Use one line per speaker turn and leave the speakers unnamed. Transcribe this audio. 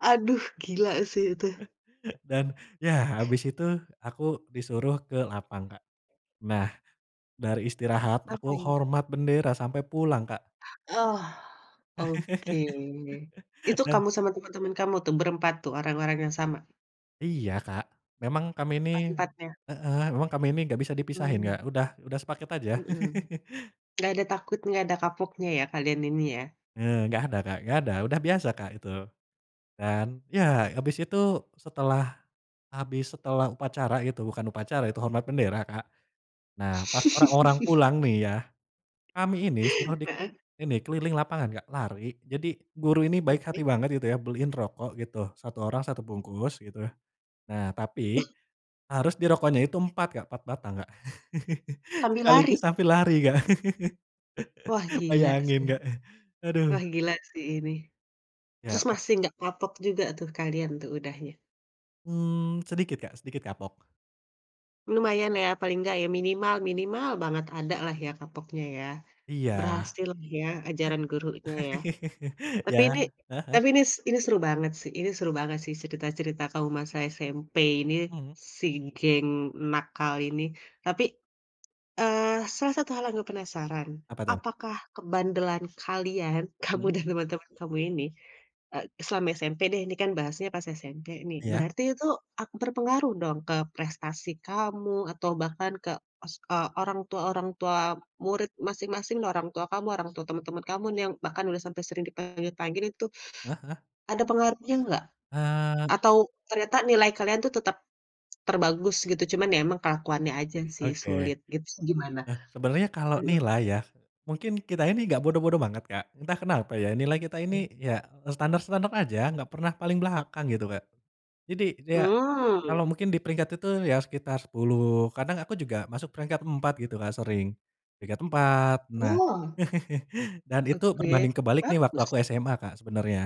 Aduh gila sih itu.
Dan ya habis itu aku disuruh ke lapang Kak, nah, dari istirahat aku
Apain.
hormat bendera sampai pulang Kak.
Oh oke itu,
Dan
kamu sama temen-temen kamu tuh berempat tuh orang-orang yang sama?
Iya Kak, memang kami nih
Empat-empatnya.
heeh, memang kami ini gak bisa dipisahin
Mmm.
gak udah udah sepaket aja.
Mhm, gak ada takutnya, gak ada kapoknya ya kalian ini ya.
Eee, gak ada Kak, gak ada udah biasa Kak, itu, dan ya abis itu setelah, habis setelah upacara itu bukan upacara itu hormat bendera Kak, nah pas orang-orang pulang nih ya, kami ini suruh dik
Heeh.
ini keliling lapangan Kak, lari jadi guru ini baik hati
Oke
banget gitu ya beliin rokok gitu 1 orang 1 bungkus gitu, nah
Wah.
tapi, harus di rokoknya itu 4 Kak, 4 batang Kak,
Sambil
sekaligus
lari.
sambil lari Kak,
Wah gila
bayangin
sih
Kak,
wah
aduh.
gila sih ini, terus
Ya ak
masih nggak kapok juga tuh kalian tuh udahnya?
Mmm, sedikit Kak, sedikit kapok.
Lumayan ya paling gak ya minimal minimal banget ada lah ya kapoknya ya,
Iya.
berhasil ya ajaran gurunya ya, tapi
Ya,
ini
heeh heeh.
tapi ini s ini seru banget sih ini seru banget sih cerita-cerita kamu masa SMP ini,
Mmm.
si geng nakal ini tapi, eee, salah satu hal yang aku penasaran
Apa tuh?
apakah kebandelan kalian kamu
Mmm.
dan teman-teman kamu ini, eee, selama SMP deh ini kan bahasnya pas SMP nih
Iya.
berarti itu ak berpengaruh dong ke prestasi kamu atau bahkan ke os eee, orang tua orang tua murid masing-masing orang tua kamu orang tua teman-teman kamu nih yang bahkan udah sampai sering dipanggil-panggil itu,
Heeh heeh.
ada pengaruhnya nggak?
Eee.
Atau ternyata nilai kalian tuh tetap, terbagus gitu cuman ya emang kelakuannya aja sih
Oke,
sulit gitu gimana?
eh, sebenarnya kalau
Mhm
nilai ya, mungkin kita ini gak bodoh-bodoh banget Kak, entah kenapa ya nilai kita
Ih.
ini ya standar-standar aja gak pernah paling belakang gitu Kak, jadi ya, kalau
Mmm.
mungkin diperingkat itu ya sekitar 10 kadang aku juga masuk peringkat 4 gitu Kak, sering, peringkat 4 nah,
Wah.
dan itu
Oke,
berbanding kebalik nih waktu
bagus.
aku SMA Kak, sebenarnya.